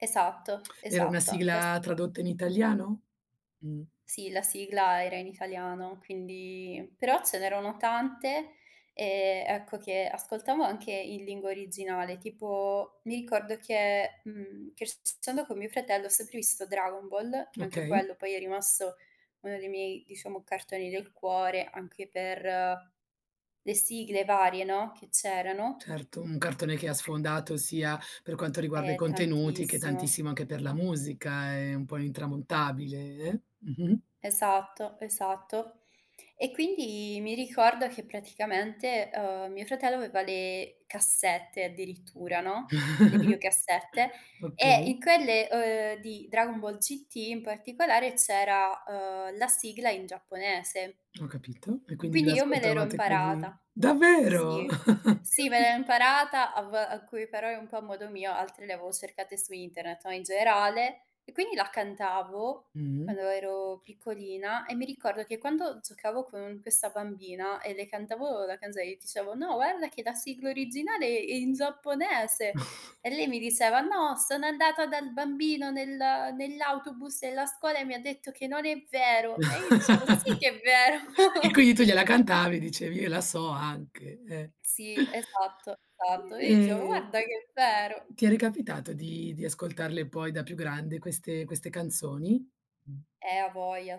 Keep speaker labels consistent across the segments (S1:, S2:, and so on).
S1: Esatto,
S2: Era una
S1: esatto. Da s
S2: sigla tradotta in italiano? Mh.
S1: Sì, la sigla era in italiano, quindi però ce n'erano tante e, ecco, che ascoltavo anche in lingua originale. Tipo, mi ricordo che, mhmm, crescendo con mio fratello ho sempre visto Dragon Ball, che anche
S2: Okay.
S1: quello poi è rimasto uno dei miei, diciamo, cartoni del cuore anche per le sigle varie, no, che c'erano
S2: Certo, un cartone che ha sfondato sia per quanto riguarda i
S1: Eh,
S2: contenuti, che
S1: tantissimo.
S2: tantissimo anche per la musica. È un po' intramontabile, eh. Mh-mh.
S1: Esatto, esatto. E quindi mi ricordo che praticamente, uhm, mio fratello aveva le cassette addirittura, no, le videocassette, e
S2: Okay.
S1: in quelle, uhm, di Dragon Ball GT in particolare c'era, uhm, la sigla in giapponese.
S2: Ho capito. E quindi ve
S1: Quindi io me l'ero
S2: l'ascoltavate così?
S1: imparata.
S2: Davvero?
S1: Sì, sì, me l'ero imparata a v alcuni parole un po' a modo mio, altre le avevo cercate su internet, no, in generale. E quindi la cantavo
S2: Mh-mh.
S1: quando ero piccolina e mi ricordo che quando giocavo con questa bambina e le cantavo la canzone, io dicevo: "No, guarda che la sigla originale è in giapponese" e lei mi diceva: "No, sono andata dal bambino nel nell'autobus della scuola e mi ha detto che non è vero" e io dicevo: "Sì che è vero."
S2: E quindi tu gliela cantavi e dicevi: "Io la so anche, eh."
S1: Sì, esatto, esatto. E io gli dicevo:
S2: Ehm,
S1: "Guarda che è vero".
S2: ti è ricapitato di di ascoltarle poi da più grande queste queste canzoni?
S1: Eh, a voglia,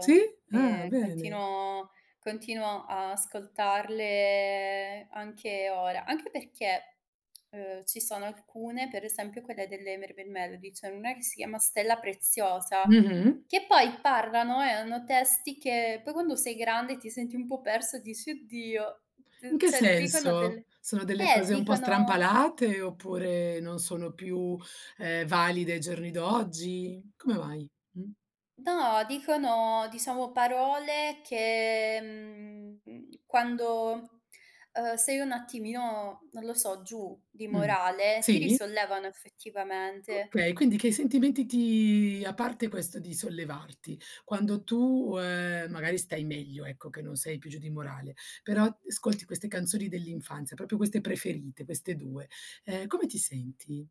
S2: Sì? Ah,
S1: E
S2: bene.
S1: continuo continuo a ascoltarle anche ora. Anche perché, uhm, ci sono alcune, per esempio quelle delle Mermaid Melody, c'è n'una che si chiama: "Stella preziosa",
S2: Mh-mh.
S1: che poi parlano e hanno testi che poi quando sei grande ti senti un po' persa e dici: "Oddio",
S2: In
S1: d
S2: che
S1: cioè dicono
S2: senso?
S1: delle
S2: Sono delle
S1: eh,
S2: cose un po'
S1: dicono
S2: strampalate, oppure non sono più, ehm, valide ai giorni d'oggi? Come mai? Mh.
S1: Do, dicono, diciamo, parole che, mhmm, quando, uhm, sei un attimino, non lo so, giù di
S2: Mh.
S1: morale, ti
S2: Sì?
S1: risollevano effettivamente.
S2: Okay, quindi che sentimenti ti a parte questo di sollevarti? Quando tu, uhm, magari stai meglio, ecco, che non sei più giù di morale, però ascolti queste canzoni dell'infanzia, proprio queste preferite, queste 2. Ehm, come ti senti?